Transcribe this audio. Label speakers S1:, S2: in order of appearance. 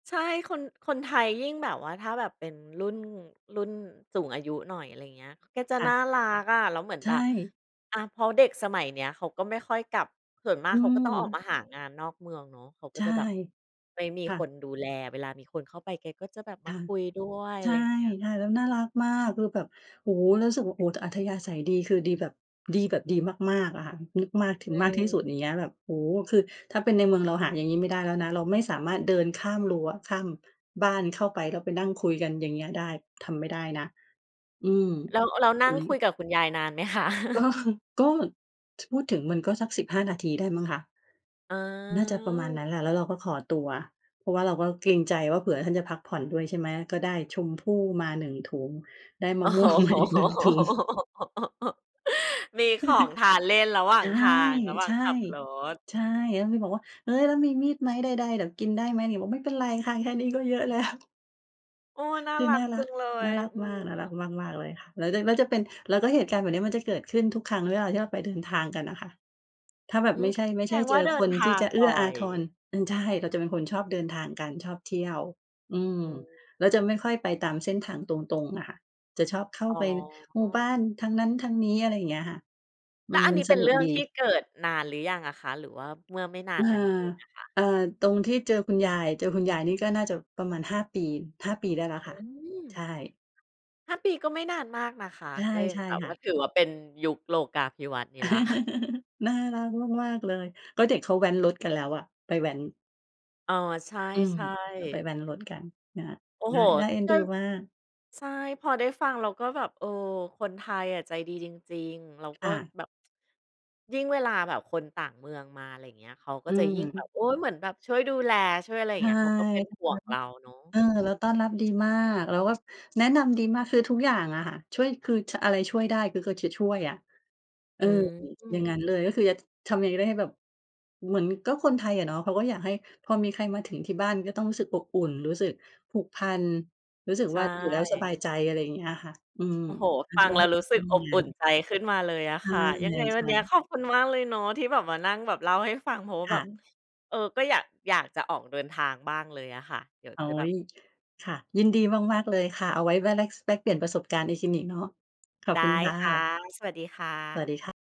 S1: ใช่ คน คนไทยยิ่งแบบว่าถ้าแบบเป็นรุ่น รุ่นสูงอายุหน่อย อะไรอย่างเงี้ย แกจะ
S2: ค่
S1: น่
S2: ะ
S1: ารักอะ แล้วเหมือน
S2: ใช
S1: แบบ
S2: ่
S1: อะ เพราะเด็กสมัยเนี้ยเขาก็ไม่ค่อยกลับ ส่วนมา
S2: อ
S1: ก
S2: ื
S1: เขาก็ต้องออกม
S2: ม
S1: าหางานนอกเมืองเนาะ เขาก
S2: ใ
S1: ็
S2: ช่
S1: จะแบบ ไม่มี
S2: ค่
S1: ค
S2: ะ
S1: นดูแล เวลามีคนเข้าไปแกก็จะแบบ
S2: ค
S1: มา
S2: ่ะ
S1: คุยด้วย
S2: ใช
S1: อะ
S2: ่
S1: ไรอย่างเงี้ย
S2: ๆ แล้วน่ารักมาก คือแบบ โอ้โฮ! แล้วรู้สึกว่า โอ้ อัธยาศัยดี คือดีแบบ ดีแบบดีมาก ๆ อะค่ะ ม มากถึ
S1: อ
S2: ง
S1: ื
S2: มากที่สุด อย
S1: ม
S2: ่างเงี้ย แบบ โอ้โฮ! คือถ้าเป็นในเมืองเราหาอย่างงี้ไม่ได้แล้วนะ เราไม่สามารถเดินข้ามรั้วข้าม บ้านเข้าไป แล้วไปนั่งคุยกัน อย่างเงี้ย ได้ ทำไม่ได้นะ อืม
S1: แล้ว แล้วน
S2: อุ
S1: ั่
S2: ๊
S1: งคุ
S2: ย
S1: ยกับคุณยายนาน ไหมคะ?
S2: ก็ ก็ ถ พูดถึงมันก็สัก 15 นาทีได้มั้งคะ น่าจะประมาณน
S1: เออ
S2: ั้นแหละ แล้วเราก็ขอตัว เพราะว่าเราก็เกรงใจว่า เผื่อท่านจะพักผ่อนด้วย ใช่ไหม ก็ได้ชมพู่มา 1 ถุง ได้ม
S1: อ
S2: ะ
S1: ๋อ
S2: ม่วง มาอีก 1 ถุง
S1: มีของทานเล่นระหว่า
S2: ใช
S1: ง
S2: ่
S1: ทาง ระหว่
S2: ใ
S1: า
S2: ช
S1: ง
S2: ่
S1: ขับรถ
S2: ใช
S1: อื
S2: ่
S1: อฮ
S2: แล้
S1: ึ
S2: วมีบอกว่า "เฮ้ย แล้วมีมีดไหม? ใด ๆ เดี๋ยวกินได้ไหมนี่?" บอก "ไม่เป็นไรค่ะ แค่นี้ก็เยอะแล้ว"
S1: โอ้! น่า
S2: คือ
S1: รั
S2: น
S1: ก
S2: ่า
S1: จ
S2: ร
S1: ั
S2: ัก
S1: งเล
S2: น
S1: ย
S2: ่ารัก
S1: อื
S2: มาก น่ารัก
S1: ม
S2: มาก ๆ เลยค่ะ หลังจากนั้นจะเป็น แล้วก็เหตุการณ์แบบเนี้ยมันจะเกิดขึ้นทุกครั้งเวลาที่เราไปเดินทางกันน่ะค่ะ ถ้าแบ
S1: อ
S2: บ
S1: ื
S2: ไม
S1: ม
S2: ่ใช่ ไม
S1: แ
S2: ่
S1: ส
S2: ใช
S1: ด
S2: ่
S1: ง
S2: เ
S1: ว
S2: จ
S1: ่า
S2: อ
S1: เดิ
S2: ค
S1: น
S2: น
S1: ทา
S2: ที่
S1: ง
S2: จะเอ
S1: บ
S2: ื
S1: ่
S2: ้
S1: อ
S2: ออา
S1: ย
S2: ทร อืม ใช่ เราจะเป็นคนชอบเดินทางกัน ชอบเที่ยว อืม
S1: อื
S2: เราจะไม
S1: ม
S2: ่ค่อยไปตามเส้นทางตรง ๆ อะค่ะ จะชอบเข้า
S1: อ๋
S2: ไปหมู่บ้า
S1: อ
S2: นทางนั้นทางนี้ อะไรอย่างเงี้ยค่ะ
S1: แ
S2: ม
S1: ล้
S2: ั
S1: ว
S2: น
S1: อัน
S2: มั
S1: น
S2: น
S1: ี้เ
S2: ส
S1: ป็น
S2: นุ
S1: เร
S2: ก
S1: ื่อง
S2: ดี
S1: ที่เกิดนานหรือยังอะคะ หรือว่าเมื่อไม่นา
S2: อ
S1: น
S2: า
S1: มานี้เองอะคะ?
S2: เอ่อ ตรงที่เจอคุณยาย เจอคุณยายนี่ก็น่าจะประมาณ 5 ปี 5 ปีได้แล้ว
S1: อ
S2: ค่ะ
S1: ืม
S2: ใช่
S1: 5 ปีก็ไม่นานมากนะคะ
S2: ใช่
S1: ก็ยั
S2: ใช
S1: ง
S2: ่
S1: แบบ
S2: ค
S1: ว
S2: ่
S1: ่
S2: ะ
S1: าถือว่าเป็นยุคโลกาภิวัตน์นี้แล้ว
S2: น่ารักมาก ๆ เลย ก็เด็กเขาแว้นรถกันแล้วอะ ไปแว้น
S1: อ๋อ ใช
S2: อืม
S1: ่
S2: ก็ไป
S1: ๆ
S2: แว้นรถกันนั่นแหละ
S1: โอ้
S2: น
S1: โ
S2: ่
S1: ฮ!
S2: า น่าเอ็นดูมาก
S1: ใช่ พอได้ฟังแล้วก็แบบ เออ คนไทยอะใจดีจริง ๆ เราก
S2: ค
S1: ็
S2: ่ะ
S1: แบบ ยิ่งเวลาแบบคนต่างเมืองมา อะไรอย่างเงี้ย เขาก
S2: อ
S1: ็
S2: ื
S1: จะยิ่งแบ
S2: ม
S1: บ โอ๊ย เหมือนแบบช่วยดูแล ช่วยอะไรอย
S2: ใ
S1: ่
S2: ช
S1: างเ
S2: ่
S1: งี้ย เขาก็เป็น
S2: แบบ
S1: ห่วงเราเนาะ
S2: นั้น เออ
S1: อื
S2: แล้
S1: ม
S2: วต้อนรับดีมาก แล้วก็แนะนำดีมาก คือทุกอย่างอะค่ะ ช่วยคือ ช อะไรช่วยได้คือก็จะช่วยอะ เ
S1: อ
S2: อ
S1: ื
S2: อ อย่าง
S1: ม
S2: งั้นเลย ก็คือ ช ทำยังไงก็ได้ให้แบบ เหมือนก็คนไทยอะเนาะ เขาก็อยากให้พอมีใครมาถึงที่บ้านก็ต้องรู้สึกอบอุ่น รู้สึกผูกพัน รู้สึก
S1: ใช
S2: ว่าอยู่แล้วสบา
S1: ่
S2: ยใจ อะไรอย่างเงี้ยอะค่ะ อืม
S1: โอ้โฮ! ฟังแล้วรู้ส
S2: เป
S1: ึ
S2: ็
S1: ก
S2: นอ
S1: อ
S2: ย่าง
S1: บ
S2: งั
S1: อ
S2: ้
S1: ุ
S2: น
S1: ่นใจขึ้นมาเลยอะ
S2: ใ
S1: ค่ะ ยังไงวั
S2: ช
S1: นเ
S2: ่
S1: นี้ย
S2: ๆ
S1: ขอบคุณมากเลยเนาะ ที่แบบมานั่งแบบเล่าให้ฟัง เพราะว่า
S2: ค
S1: แ
S2: ่
S1: บบ
S2: ะ
S1: เออ ก็อยาก อยากจะออกเดินทางบ้างเลยอะค่ะ เดี๋ยว
S2: โอ๊
S1: จะแบ
S2: ย
S1: บ
S2: ค่ะ ยินดีมาก ๆ เลยค่ะ เอาไว้ว่า เปลี่ยนประสบการณ์ เนาะ ขอบ
S1: ได
S2: คุณ
S1: ้
S2: ค่
S1: ค่ะ
S2: ะ
S1: สวัสดีค่
S2: สวัส
S1: ะ
S2: ดีค่ะ